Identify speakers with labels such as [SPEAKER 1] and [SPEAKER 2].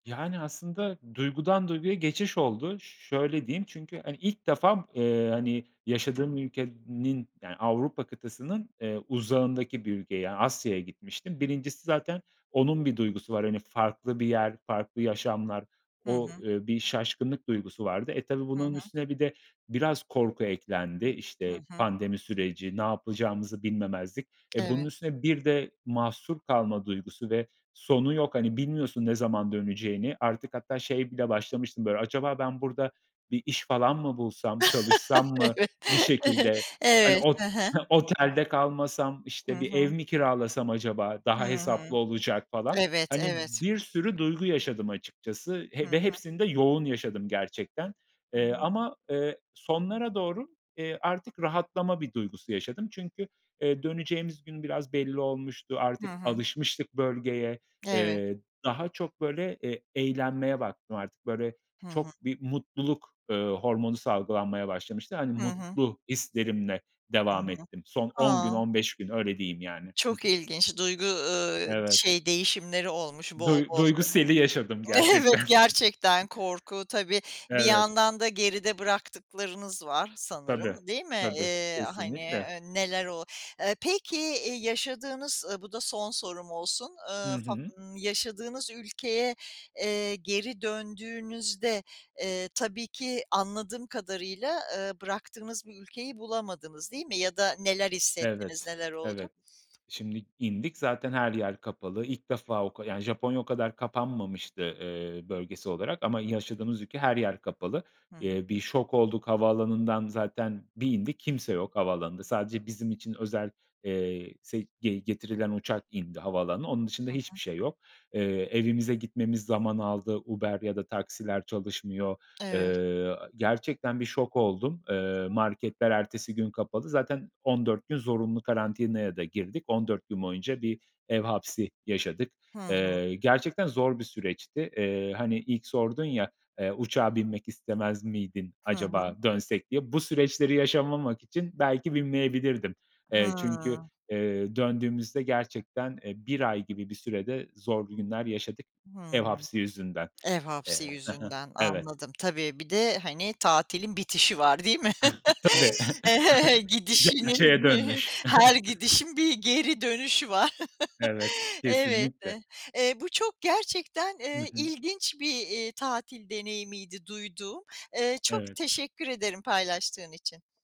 [SPEAKER 1] Yani, aslında duygudan duyguya geçiş oldu. Ş şöyle diyeyim: Çünkü, hani, ilk defa, ııı, hani yaşadığım ülkenin yani Avrupa kıtasının, eee, uzağındaki bir ülkeye, yani Asya'ya gitmiştim. 1'incisi zaten onun bir duygusu var, hani, farklı bir yer, farklı yaşamlar,
[SPEAKER 2] Hı
[SPEAKER 1] o,
[SPEAKER 2] hı.
[SPEAKER 1] eee, bir şaşkınlık duygusu vardı. E, tabii
[SPEAKER 2] Hı
[SPEAKER 1] bunun
[SPEAKER 2] hı.
[SPEAKER 1] üstüne bir de biraz korku eklendi.
[SPEAKER 2] Hı
[SPEAKER 1] İşte,
[SPEAKER 2] hı.
[SPEAKER 1] pandemi süreci, ne yapacağımızı bilmemezlik. E, bunun
[SPEAKER 2] Evet.
[SPEAKER 1] üstüne bir de mahsur kalma duygusu ve sonu yok. Hani, bilmiyorsun ne zaman döneceğini. Artık hatta şey bile başlamıştım, böyle, "Acaba ben burada bir iş falan mı bulsam, çalışsam mı
[SPEAKER 2] Evet.
[SPEAKER 1] bir şekilde? Hani
[SPEAKER 2] Evet, hı
[SPEAKER 1] ot
[SPEAKER 2] hı.
[SPEAKER 1] ha, otelde kalmasam,
[SPEAKER 2] Hı
[SPEAKER 1] işte, bir
[SPEAKER 2] hı.
[SPEAKER 1] ev mi kiralasam acaba? Daha
[SPEAKER 2] Hı hı.
[SPEAKER 1] hesaplı olacak." falan.
[SPEAKER 2] Evet
[SPEAKER 1] Hani,
[SPEAKER 2] evet.
[SPEAKER 1] bir sürü duygu yaşadım açıkçası
[SPEAKER 2] Hı
[SPEAKER 1] he ve
[SPEAKER 2] hı.
[SPEAKER 1] hepsini de yoğun yaşadım gerçekten,
[SPEAKER 2] Hı
[SPEAKER 1] eee,
[SPEAKER 2] hı.
[SPEAKER 1] ama, eee, sonlara doğru, eee, artık rahatlama bir duygusu yaşadım. Çünkü, eee, döneceğimiz gün biraz belli olmuştu.
[SPEAKER 2] Hı
[SPEAKER 1] Artık
[SPEAKER 2] hı.
[SPEAKER 1] alışmıştık bölgeye.
[SPEAKER 2] Evet.
[SPEAKER 1] Eee, daha çok böyle, eee, eğlenmeye baktım artık, böyle,
[SPEAKER 2] Hı hı.
[SPEAKER 1] çok bir mutluluk, ııı, hormonu salgılanmaya başlamıştı. Hani,
[SPEAKER 2] Hı hı.
[SPEAKER 1] mutlu hislerimle devam ettim son
[SPEAKER 2] [unintelligible]
[SPEAKER 1] 10 gün,
[SPEAKER 2] A!
[SPEAKER 1] 15 gün. Öyle diyeyim yani. Hı
[SPEAKER 2] Çok
[SPEAKER 1] hı.
[SPEAKER 2] ilginç duygu, ııı,
[SPEAKER 1] Evet.
[SPEAKER 2] şey, değişimleri olmuş bol
[SPEAKER 1] Duy
[SPEAKER 2] bol
[SPEAKER 1] duygu seli yaşadım
[SPEAKER 2] e Evet,
[SPEAKER 1] gerçekten.
[SPEAKER 2] gerçekten korku tabii bir
[SPEAKER 1] Evet.
[SPEAKER 2] yandan da geride bıraktıklarınız var
[SPEAKER 1] Tabii,
[SPEAKER 2] sanırım, değil mi?
[SPEAKER 1] tabii,
[SPEAKER 2] Eee, hani,
[SPEAKER 1] kesinlikle.
[SPEAKER 2] eee, neler oluyor. Eee, peki eee, yaşadığınız, ııı bu da son sorum olsun,
[SPEAKER 1] Hı
[SPEAKER 2] ııı, fa
[SPEAKER 1] hı.
[SPEAKER 2] ımm, yaşadığınız ülkeye, eee, geri döndüğünüzde, eee, tabii ki anladığım kadarıyla, ııı, bıraktığınız bir ülkeyi bulamadınız, değil mi? Ya da neler hissettiniz,
[SPEAKER 1] Evet,
[SPEAKER 2] neler oldu?
[SPEAKER 1] evet. Şimdi indik zaten her yer kapalı ilk defa o ka yani, Japonya o kadar kapanmamıştı eee, bölgesel olarak ama yaşadığımız ülke her yer kapalı.
[SPEAKER 2] Hı hı.
[SPEAKER 1] Eee, bir şok olduk, havaalanından zaten bir indik; kimse yok havaalanında. Sadece bizim için özel, eee, se ge getirilen uçak indi havaalanına. Onun dışında
[SPEAKER 2] Hı
[SPEAKER 1] hiçbir
[SPEAKER 2] hı.
[SPEAKER 1] şey yok. Eee, evimize gitmemiz zaman aldı. Uber ya da taksiler çalışmıyor.
[SPEAKER 2] Evet.
[SPEAKER 1] Eee, gerçekten bir şok oldum. Eee, marketler ertesi gün kapalı. Zaten 14 gün zorunlu karantinaya da girdik. 14 gün boyunca bir ev hapsi yaşadık.
[SPEAKER 2] Hı hı.
[SPEAKER 1] Eee, gerçekten zor bir süreçti. Eee, hani ilk sordun ya: Eee, "Uçağa binmek istemez miydin?"
[SPEAKER 2] Hı hı.
[SPEAKER 1] acaba dönsek diye. Bu süreçleri yaşamamak için belki binmeyebilirdim. Eee, çünkü,
[SPEAKER 2] Hımm.
[SPEAKER 1] eee, döndüğümüzde gerçekten, eee, 1 ay gibi bir sürede zorlu günler yaşadık ev
[SPEAKER 2] Hımm.
[SPEAKER 1] hapsi yüzünden.
[SPEAKER 2] Ev hapsi
[SPEAKER 1] Eee Hı hı.
[SPEAKER 2] yüzünden
[SPEAKER 1] Evet.
[SPEAKER 2] anladım. Tabii, bir de, hani, tatilin bitişi var, değil mi?
[SPEAKER 1] Tabii,
[SPEAKER 2] He he,
[SPEAKER 1] gerçeğe
[SPEAKER 2] gidişinin,
[SPEAKER 1] dönmüş.
[SPEAKER 2] her gidişin bir geri dönüşü var.
[SPEAKER 1] Evet, kesinlikle.
[SPEAKER 2] [unintelligible] Eee, bu çok gerçekten,
[SPEAKER 1] Hı
[SPEAKER 2] eee,
[SPEAKER 1] hı.
[SPEAKER 2] ilginç bir, iii, tatil deneyimiydi duyduğum. Eee, çok
[SPEAKER 1] Evet.
[SPEAKER 2] teşekkür ederim paylaştığın için.